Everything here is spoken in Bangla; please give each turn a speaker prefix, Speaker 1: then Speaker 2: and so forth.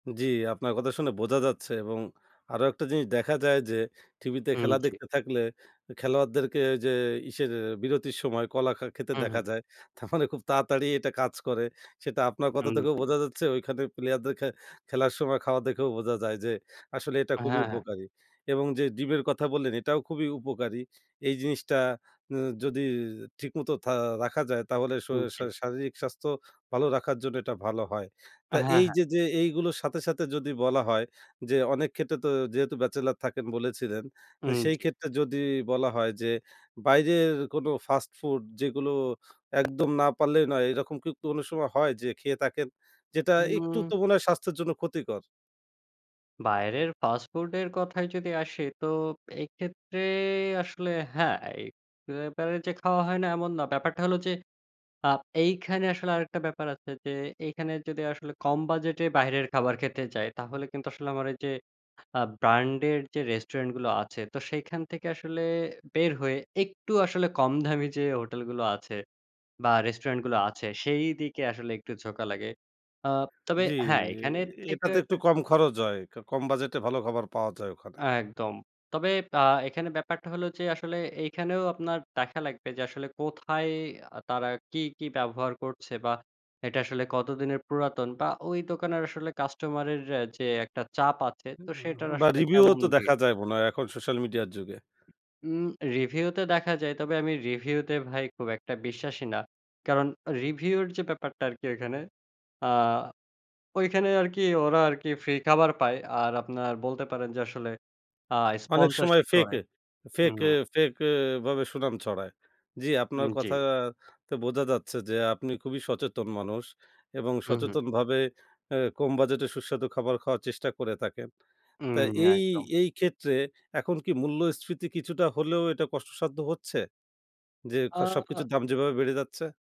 Speaker 1: জ্বি, আপনার কথা শুনে বোঝা যাচ্ছে এবং আরও একটা জিনিস দেখা যায় যে টিভিতে
Speaker 2: হুম,
Speaker 1: খেলা
Speaker 2: জ্বি।
Speaker 1: দেখতে থাকলে খেলোয়াড়দেরকে ওইযে ইসের বিরতির সময় কলা খা খেতে
Speaker 2: হু,
Speaker 1: দেখা
Speaker 2: হু।
Speaker 1: যায় তার মানে খুব তাড়াতাড়ি এটা কাজ করে। সেটা আপনার কথা
Speaker 2: হুম,
Speaker 1: থেকেও
Speaker 2: জ্বি।
Speaker 1: বোঝা যাচ্ছে ওইখানে প্লেয়ারদের খে খেলার সময় খাওয়া দেখেও বোঝা যায় যে আসলে এটা খুবই
Speaker 2: হ্যাঁ, হ্যাঁ।
Speaker 1: উপকারী এবং যে ডিমের কথা বললেন এটাও খুবই উপকারী। এই যে জিনিসটা উ যদি ঠিক মতো থা রাখা যায় তাহলে শ শা
Speaker 2: জ্বি।
Speaker 1: শারীরিক স্বাস্থ্য ভালো রাখার জন্য এটা ভালো হয়। তা
Speaker 2: হ্যাঁ,
Speaker 1: এই
Speaker 2: হ্যাঁ।
Speaker 1: যে যে এইগুলোর সাথে, সাথে যদি বলা হয় যে অনেক ক্ষেত্রে তো যেহেতু ব্যাচেলর থাকেন বলেছিলেন,
Speaker 2: হু,
Speaker 1: এ সেই
Speaker 2: জ্বি।
Speaker 1: ক্ষেত্রে যদি বলা হয় যে বাইরের কোনো ফাস্ট ফুড যেগুলো একদম না পারলেই নয় এরকম কি অনেক সময় হয় যে খেয়ে থাকেন? যেটা একটু
Speaker 2: হুম।
Speaker 1: তো মনে হয় স্বাস্থ্যের জন্য ক্ষতিকর।
Speaker 2: বাইরের ফাস্ট ফুডের কথায় যদি আসি তো এক্ষেত্রে আসলে হ্যাঁ, [unintelligible] বারেই যে খাওয়া হয় না এমন না। ব্যাপারটা হলো যে আ এইখানে আসলে আরেকটা ব্যাপার আছে যে এইখানে যদি আসলে কম বাজেটে বাহিরের খাবার খেতে যাই তাহলে কিন্তু আসলে আমার এই যে আ ব্র্যান্ডের যে রেস্টুরেন্ট গুলো আছে তো সেখান থেকে আসলে বের হয়ে একটু আসলে কম দামি যে হোটেল গুলো আছে বা রেস্টুরেন্ট গুলো আছে সেইদিকে আসলে একটু ঝোকা লাগে। আ তবে
Speaker 1: জ্বি,
Speaker 2: হ্যাঁ, এখানের থেকেও
Speaker 1: এটাতে একটু
Speaker 2: একটা
Speaker 1: কম খরচ হয়। ক কম বাজেটে ভালো খাবার পাওয়া যায় ওখানে।
Speaker 2: একদম, তবে আ এখানে ব্যাপারটা হলো যে আসলে এখানেও আপনার দেখা লাগবে যে আসলে কোথায় তারা কি, কি ব্যবহার করছে বা এটা আসলে কতদিনের পুরাতন বা ওই দোকানের আসলে কাস্টমার এর যে একটা চাপ আছে, তো সেটার
Speaker 1: বা
Speaker 2: আসলে
Speaker 1: রিভিউ ও
Speaker 2: কেমন
Speaker 1: তো
Speaker 2: ভিড়?
Speaker 1: দেখা যায় মনে হয় এখন সোশ্যাল মিডিয়ার যুগে।
Speaker 2: উ রিভিউতে দেখা যায় তবে আমি রিভিউতে ভাই খুব একটা বিশ্বাসী না। কারণ রিভিউর যে ব্যাপারটা আরকি এইখানে আ ঐখানে আরকি ওরা আরকি ফ্রি খাবার পায়, আর আপনার বলতে পারেন যে আসলে আ
Speaker 1: অনেক সময়
Speaker 2: স্পন্সরশিপ
Speaker 1: ফেক
Speaker 2: করে।
Speaker 1: ফেক
Speaker 2: হুম।
Speaker 1: ফেক ভাবে সুনাম ছড়ায়। জি আপনার
Speaker 2: উম জ্বি।
Speaker 1: কথাতে বোঝা যাচ্ছে যে আপনি খুবই সচেতন মানুষ এবং
Speaker 2: হু, হু।
Speaker 1: সচেতনভাবে এ কম বাজেটে সুস্বাদু খাবার খাওয়ার চেষ্টা করে থাকেন।
Speaker 2: উ
Speaker 1: তা এই
Speaker 2: একদম।
Speaker 1: এই ক্ষেত্রে এখন কি মূল্যস্ফীতি কিছুটা হলেও এটা কষ্টসাধ্য হচ্ছে যে খ
Speaker 2: আ
Speaker 1: সবকিছুর দাম যেভাবে বেড়ে যাচ্ছে?